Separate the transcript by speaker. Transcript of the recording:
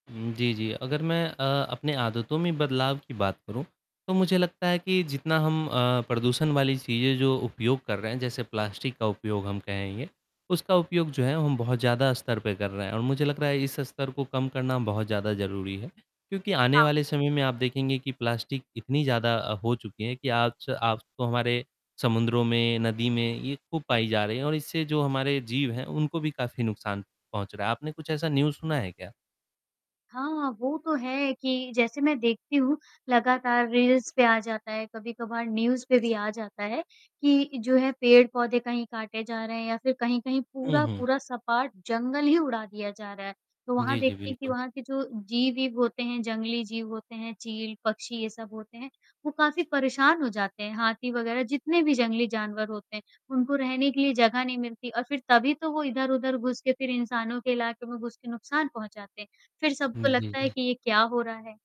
Speaker 1: हुँ, जी, जी, अगर मैं अ, अपने आदतों में बदलाव की बात करूँ तो मुझे लगता है कि जितना हम अ, प्रदूषण वाली चीज़ें जो उपयोग कर रहे हैं जैसे प्लास्टिक का उपयोग हम कहेंगे। उसका उपयोग जो है हम बहुत ज़्यादा स्तर पे कर रहे हैं और मुझे लग रहा है इस स्तर को कम करना बहुत ज़्यादा ज़रूरी है क्योंकि आने
Speaker 2: हाँ।
Speaker 1: वाले समय में आप देखेंगे कि प्लास्टिक इतनी ज़्यादा अ, हो चुकी है कि आज आज तो हमारे समुद्रों में, नदी में ये खूब पाई जा रहे हैं और इससे जो हमारे जीव हैं उनको भी काफ़ी नुकसान पहुँच रहा है। आपने कुछ ऐसा न्यूज़ सुना है क्या?
Speaker 2: हाँ, वो तो है कि जैसे मैं देखती हूँ, लगातार रील्स पे आ जाता है कभी-कभार न्यूज़ पे भी आ जाता है, कि जो है पेड़-पौधे कहीं काटे जा रहे हैं या फिर कहीं-कहीं
Speaker 1: उ, हुँ।
Speaker 2: पूरा-पूरा सपाट जंगल ही उड़ा दिया जा रहा है। तो वहाँ
Speaker 1: जी, जी,
Speaker 2: देखते हैं कि
Speaker 1: बिल्कुल।
Speaker 2: वहाँ के जो जीव-ईव होते हैं, जंगली जीव होते हैं, चील, पक्षी ये सब होते हैं, वो काफ़ी परेशान हो जाते हैं, हाथी वग़ैरह जितने भी जंगली जानवर होते हैं, उनको रहने के लिए जगह नहीं मिलती और फिर तभी तो वो इधर-उधर घुस के फिर इंसानों के इलाके में घुस के नुकसान पहुँचाते हैं, फिर
Speaker 1: हुँ,
Speaker 2: सबको
Speaker 1: जी,
Speaker 2: लगता है
Speaker 1: जी।
Speaker 2: कि ये क्या हो रहा है?